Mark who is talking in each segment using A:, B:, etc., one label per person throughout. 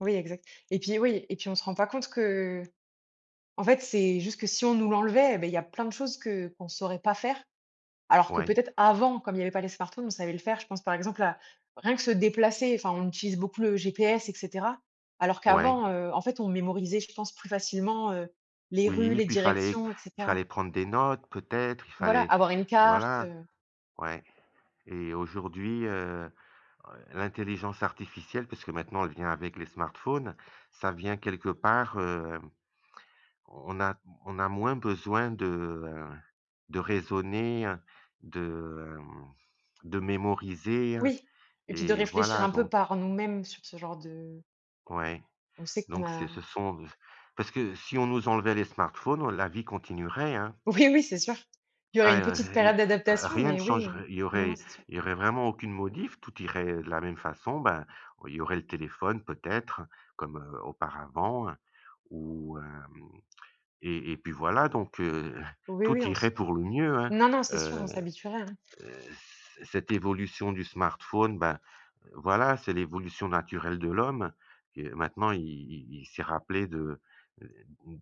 A: Oui, exact. Et puis, oui, et puis, on se rend pas compte qu'en fait, c'est juste que si on nous l'enlevait, eh beh, il y a plein de choses que qu'on saurait pas faire. Alors que
B: Ouais.
A: peut-être avant, comme il y avait pas les smartphones, on savait le faire. Je pense, par exemple, à rien que se déplacer. Enfin, on utilise beaucoup le GPS et cetera. Alors
B: Ouais.
A: qu'avant, heu, en fait, on mémorisait, je pense, plus facilement, heu, les rues,
B: Oui,
A: les
B: puis fallait
A: directions et cetera.
B: fallait prendre des notes peut-être, il
A: Voilà,
B: fallait
A: avoir une carte,
B: voilà,
A: heu
B: ouais. Et aujourd'hui, heu heu, l'intelligence artificielle, puisque maintenant elle vient avec les smartphones, ça vient quelque part, hem, on a on a moins besoin de, heu, de raisonner, heu, de, hem, de mémoriser
A: Oui et puis de
B: et
A: réfléchir
B: voilà,
A: un peu
B: donc
A: par nous-mêmes sur ce genre de
B: ouais,
A: On sait qu'on
B: donc c'est
A: a
B: ce sont de c parce que si on nous enlevait les smartphones, la vie continuerait, hein.
A: Oui, oui, c'est sûr. Il y aurait
B: Ah
A: une petite
B: y heu,
A: période d'adaptation,
B: rien ne
A: mais oui,
B: changerait il y
A: non, non,
B: aurait
A: c'est sûr.
B: il y aurait vraiment aucune modif, tout irait de la même façon, ben, il y aurait le téléphone peut-être comme, heu, auparavant, heu, ou hem et et puis voilà, donc, heu,
A: Oui, oui,
B: tout
A: on se
B: irait pour le mieux, hein,
A: non, non, c'est sûr, on
B: heu heu,
A: s'habituerait, hein.
B: c cette évolution du smartphone, ben, voilà, c'est l'évolution naturelle de l'homme. Que maintenant, il il il s'est rappelé de, heu, mmh,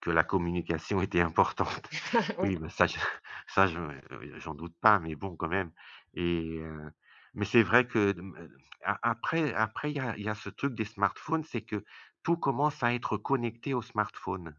B: que la communication était importante.
A: Oui.
B: Oui, mais bah, ça je ça je, heu, j'en doute pas, mais bon, quand même et heu, mais c'est vrai que de hem, heu, a après après il y a il y a ce truc des smartphones, c'est que tout commence à être connecté au smartphone.